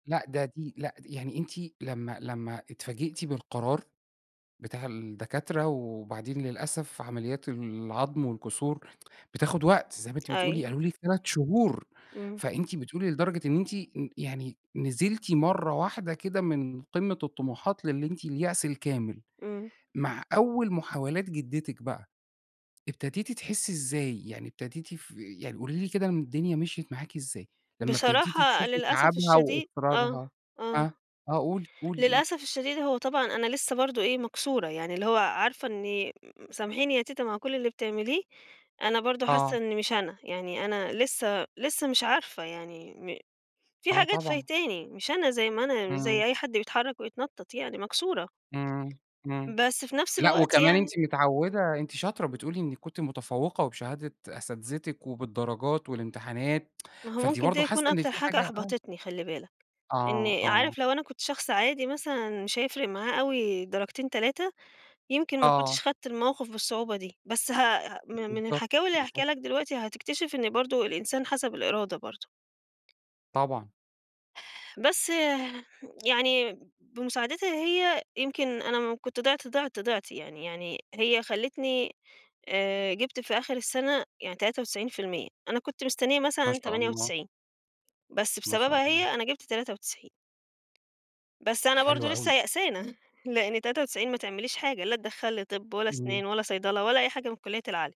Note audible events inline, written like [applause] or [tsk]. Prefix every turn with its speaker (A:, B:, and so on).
A: لأ، ده دي لأ، د يعني أنتِ لمّا لمّا اتفاجئتِ بالقرار بتاع الدكاترة وبعدين للأسف، عمليات العضم والكسور بتاخد وقت زي ما أنتِ بتقولي
B: أيوه.
A: قالوا لِك 3 شهور
B: إمم.
A: فأنتِ بتقولي لدرجة إن أنتِ يعني نزِلتِ مرّة واحدة كده من قمة الطموحات للي أنتِ اليأس الكامل،
B: إمم.
A: مع أول محاولات جدتِك بقى ابتديتِ تحسي إزاي، يعني ابتديتِ ف يعني قولي لي كده م الدنيا مشيت معاكِ إزاي؟ لمّا ابتديتِ
B: بصراحة
A: تشوفي
B: للأسف
A: تعَبها
B: الشديد آه،
A: وإصرارها
B: آه
A: أه، آه قولي، قولي قولي.
B: للأسف الشديد، هو طبعًا أنا لسّه برضه إيه، مكسورة، يعني اللي هو عارفة إني أ أ سامحيني يا تيتة مع كل اللي بتعمليه، أنا برضه حاسّة
A: آه.
B: إني مش أنا. يعني أنا لسّه لسّه مش عارفة يعني م في
A: آه
B: حاجات
A: طبعًا.
B: فايتاني، مش أنا زي ما أنا، مش
A: إمم.
B: زي أي حد بيتحرك ويتنطط يعني مكسورة.
A: إمم، إمم
B: بس في نفس
A: لأ،
B: الوقت
A: وكمان أنتِ
B: يعني
A: مِتعودة أنتِ شاطرة بتقولي إنِك كُنتِ متفوقة وبشهادة أساتذتِك وبالدرجات والامتحانات [tsk]
B: ما هو
A: فأنتِ
B: مُمكن ده
A: برضه حاسّة
B: يكون
A: إن
B: أكتر
A: في
B: حاجة
A: حاجة آه.
B: أحبطِتني خلِّ بالك.
A: آه،
B: إني
A: آه.
B: عارف لو أنا كنت شخص عادي مثلًا، مش هيفرق معاه أوي درجتين، 3 يمكن ما كُنتش
A: آه.
B: خدّت الموقف بالصعوبة دي. بس هأ ه م من
A: بالضبط،
B: الحكاوي اللي هاحكيها
A: بالضبط.
B: لَك دلوقتي هتكتشِف، إن برضه الإنسان حسب الإرادة برضه.
A: طبعًا.
B: بس يعني، بمساعدِتها هي يمكن أنا م كُنت ضِعت، ضِعت، ضِعت يعني يعني هي خلّتني آآ جِبت في آخر السنة يعني 93% أنا كُنت مستنية
A: ما
B: مثلًا
A: شاء
B: تمانية
A: الله.
B: وتسعين بس
A: ما شاء
B: بسببها،
A: الله.
B: هي أنا جِبت 93 بس أنا برضه،
A: حلو
B: لسه
A: أوي.
B: يائسانة. لإن 93 ما تعمليش حاجة، لا تدّخلّ لي طب ولا
A: إمم.
B: أسنان ولا صيدلة ولا أي حاجة، من الكليات العالية.